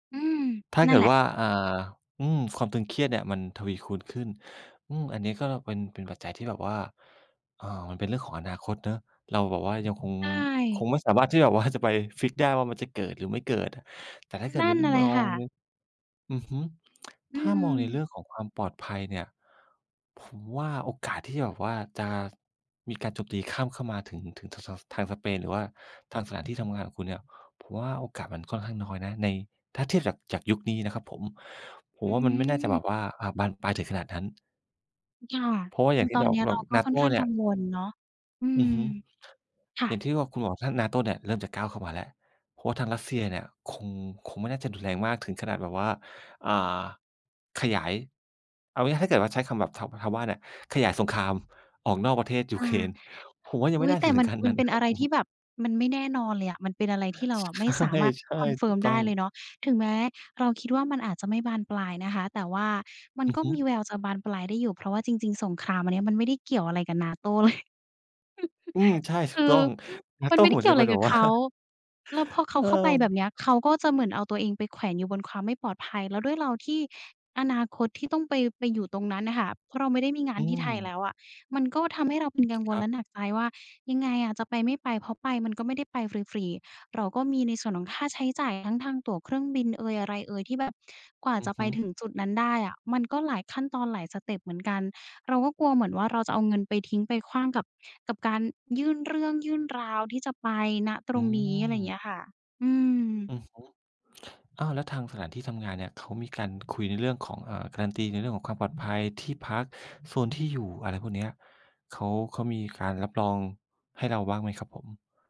อืม ถ้านเั่กนิแดหละ ว่า อ่า อืม ความตึงเครียดเนี่ยมันทวีคูณขึ้น อืม อันนี้ก็เป็น เป็นปัจจัยที่แบบว่า อ่า มันเป็นเรื่องของอนาคตเนาะ เราแบบว่ายังคง ใชค่ งไม่สามารถที่แบบว่าจะไปฟิกซ์ได้ว่ามันจะเกิด หรือไม่เกิดอะ แต่ถ้าเกินดั่ใน นร เมลอยคง ่ม ะ อือฮึ อืถ้ามองในเรื่ม องของความปลอดภัยเนี่ย ผมว่าโอกาสที่จะแบบว่าจะมีการโจมตีข้ามเข้ามาถึง ถึง ท ส ทางสเปน หรือว่าทางสถานที่ทำงานของคุณเนี่ย ผมว่าโอกาสมันค่อนข้างน้อยนะใน ถ้าเทียบจาก จากยุคนี้นะครับผม ผอมืว่ามันไม่น่าจะแบม บว่า อ่า บานปลายถึงขนาดนั้น ค่ะ เพราะว่าออืย่าม งทตี่อเนรา นี้แบเราบ ก็ค่อนNATO ข้างเนีก่ัย งวลเนาะ อือืม อฮึ ค่ะ อย่างที่ว่าคุณบอกถ้า NATO เนี่ยเริ่มจะก้าวเข้ามาแล้ว เพราะทางรัสเซียเนี่ยคง คงไม่น่าจะรุนแรงมากถึงขนาดแบบว่า อ่า ขยาย เอาง่าย ๆ ถ้าเกิดว่าใช้คำแบบ ช ชาวบ้านเนี่ย ขยายสงครามออกนอกประเทศยูค่เคะ รน ผมว่ายัองไมุ่๊ย! น่าแตจะ่ ถึมังน ขั้นมนัั้นนเปน็ะนครอับะไรผทม ี่แบบมันไม่แน่นอนเลยอะ มันเป็นอะไรที่เราใชอะไม่สา่ มารถ ใช่ ถูกconfirm ตไ้ดอ้ง เลยเนาะ ถึงแม้เราคิดว่ามันอาจจะไม่บานปลายนะคะ แต่ว่ามันอือก็ฮึ มีแววจะบานปลายได้อยู่ เพราะว่าจริง ๆ สงครามอันเนี้ยมันไม่ได้เกี่ยวอะไรกับ NATO เลย อืม ใช่ ถคูกืตอ้อง มันNATO ไม่ไเดห้มือเนกี่จยะวอเะปไ็รนแบกับบ วเ่า ขา แล้วพอเขเาอเข้าไปอ แบบเนี้ย เขาก็จะเหมือนเอาตัวเองไปแขวนอยู่บนความไม่ปลอดภัย แล้วด้วยเราที่อนาคตที่ต้องไป ไปอยู่ตรงนั้นอะค่ะ เพราะเราไม่ได้มีงาอนืที่ไทยแลม ้วอะ มันก็ทำให้เราเป็นกังวคล รัแลบ ะหนักใจว่า "ยังไงอะ จะไปไม่ไป?" เพราะไปมันก็ไม่ได้ไปฟรี ๆ เราก็มีในส่วนของค่าใช้จ่าย ทั้งทางตั๋วเครื่องบินเอย อะไรเอย ที่แบบกว่าอืจอะฮไปึ ถึงจุดนั้นได้อะมันก็หลายขั้นตอน หลายสเต็ปเหมือนกัน เราก็กลัวเหมือนว่า เราจะเอาเงินไปทิ้ง ไปขว้างกับ กับการยื่นเรื่อง ยื่นราวที่จะไป ณ ตอรืงนี้ อะไรเม งี้ยค่ะ อือืม อฮึ อ้าว แล้วทางสถานที่ทำงานเนี่ย เขามีการคุยในเรื่องของ อ่า การันตีในเรื่องของความปลอดภัย ที่พัก โซนที่อยู่ อะไรพวกเนี้ย เขา เขามีการรับรองให้เราบ้างไหมครับผม?